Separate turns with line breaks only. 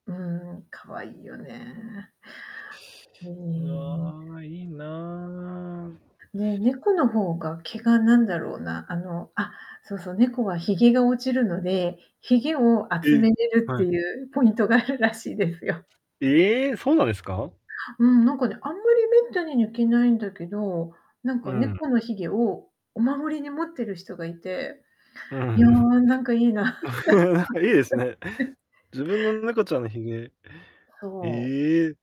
うん、可愛いよね。うん。
ああ、いいな。
ねねえ、猫の方が毛がなんだろうな、あの、あ、そうそう、猫は髭が落ちるので、髭を集
え
め
え、
れるっ
は
て
い。
いうポイントがあるらしいですよ。
ええ、そうなんですか？
うん、なんかね、あんまりめったに抜けないんだけど、なん
う
か
ん。
猫の髭をお守りに持ってる人がいて、
う
いや、
ん。
なんかいいな。
なんかいいですね。自分の猫ちゃんの髭
そ
え
う。
え？